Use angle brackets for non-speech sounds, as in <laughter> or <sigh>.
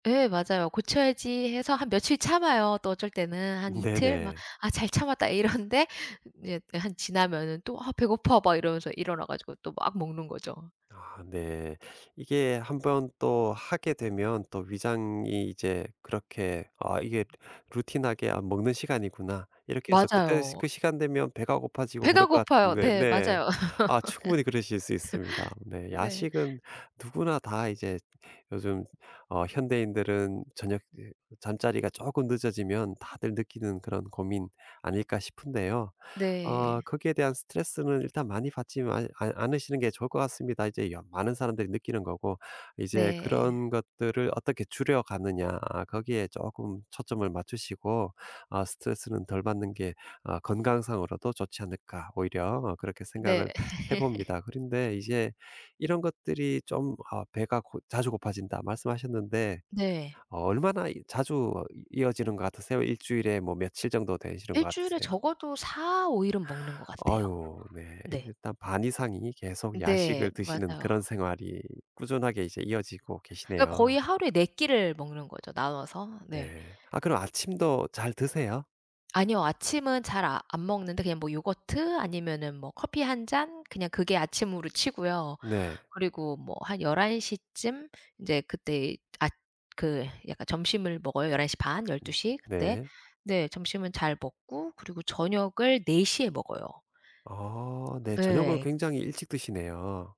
예 맞아요. '고쳐야지.' 해서 한 며칠 참아요. 또 어쩔 때는 한 이틀 막 네네. '아 잘 참았다.' 이러는데 이렇게 한 지나면은 또 '아 배고파.' 막 이러면서 일어나 가지고 또 막 먹는 거죠. 아 네. 이게 1 번 또 하게 되면 또 위장이 이제 그렇게 '아 이게 루틴하게 안 먹는 시간이구나.' 이렇게 해서 그 때 맞아요. 그 시간이 되면 배가 고파지고 그럴 배가 것 고파요. 같은데 네 네. 맞아요. 아 충분히 그러실 수 있습니다. <laughs> 네 네. 야식은 누구나 다 이제 요즘 어 현대인들은 저녁 이제 잠자리가 쪼끔 늦어지면 다들 느끼는 그런 고민 아닐까 싶은데요. 어 네. 거기에 대한 스트레스는 일단 많이 받지만 않 않으시는 게 좋을 것 같습니다. 이제 여 많은 사람들이 느끼는 거고. 이제 네. 그런 것들을 어떻게 줄여가느냐 거기에 쪼금 초점을 맞추시고 어 스트레스는 덜 받는 게 어 건강상으로도 좋지 않을까, 오히려 어 그렇게 네. 생각을 <laughs> 해봅니다. 그런데 이제 이런 것들이 좀 아 "배가 고 자주 고파진다." 말씀하셨는데 네. 어 얼마나 이 자주 어 이어지는 것 같으세요? 1 주일에 뭐 며칠 정도 되시는 것 1 주일에 같으세요? 적어도 4-5 일은 먹는 것 같아요. 아유 네. 네. 이제 딱 반 이상이 계속 네 야식을 드시는 맞아요. 그런 생활이 꾸준하게 이제 이어지고 그니까 거의 계시네요. 하루에 4 끼를 먹는 거죠, 나눠서. 네. 네. 아 그럼 아침도 잘 드세요? 아니요. 아침은 잘 아 안 먹는데 그냥 뭐 요거트 아니면은 뭐 커피 1 잔, 그냥 그게 아침으로 치고요. 네. 그리고 뭐 한 11:00 쯤 인제 그때 앗 그 약간 점심을 먹어요, 11:30 열두 음 시 그때. 네. 네 점심은 잘 먹고 그리고 저녁을 4:00 에 먹어요. 아 네 저녁을 예. 굉장히 일찍 드시네요.